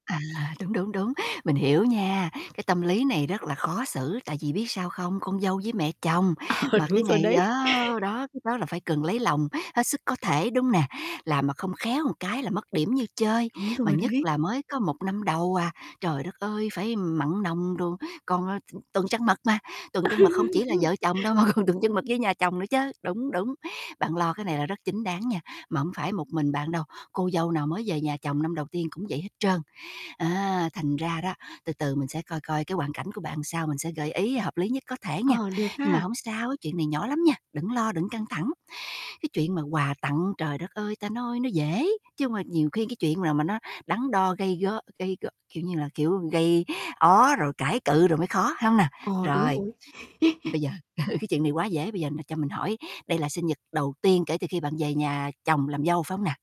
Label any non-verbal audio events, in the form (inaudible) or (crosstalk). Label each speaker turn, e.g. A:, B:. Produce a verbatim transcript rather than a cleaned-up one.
A: À, đúng, đúng, đúng, mình hiểu nha. Cái, tâm lý này rất là khó xử, tại vì biết sao không, con dâu với mẹ chồng,
B: Ờ,
A: mà
B: đúng
A: cái
B: rồi
A: ngày
B: đấy.
A: đó đó, cái đó là phải cần lấy lòng hết sức có thể, đúng nè? Làm mà không khéo một cái là mất điểm như chơi,
B: Đúng
A: mà
B: rồi
A: nhất
B: đấy.
A: là mới có một năm đầu à, trời đất ơi, phải mặn nồng đồ, còn, ờ, t tuần trăng mật mà. Tuần
B: Ơ,
A: trăng mật không chỉ là
B: đúng rồi.
A: vợ chồng đâu mà còn tuần trăng mật với nhà chồng nữa chớ. Đúng, đúng, bạn lo cái này là rất chính đáng nha, mà hông phải một mình bạn đâu, cô dâu nào mới về nhà chồng năm đầu tiên cũng vậy hết trơn. Á, thành ra đó, từ từ mình sẽ coi coi cái hoàn cảnh của bạn sao mình sẽ gợi ý hợp lý nhất có thể nghe.
B: Ờ, được
A: Nhưng mà
B: ha.
A: hổng sao, chuyện này nhỏ lắm nha, đừng lo, đừng căng thẳng. Cái chuyện mà quà tặng, trời đất ơi, ta nói nó dễ, chứ hông mà nhiều khi cái chuyện là mà nó đắn đo gây go gây gợ, kiểu như là, kiểu, gây ó rồi cãi cự rồi mới khó, phải hông nè?
B: Ờ, đúng
A: Rồi,
B: rồi. (chuckles)
A: bây giờ (chuckles) cái chuyện này quá dễ, bây giờ là cho mình hỏi đây là sinh nhật đầu tiên kể từ khi bạn về nhà chồng làm dâu, phải hông nè?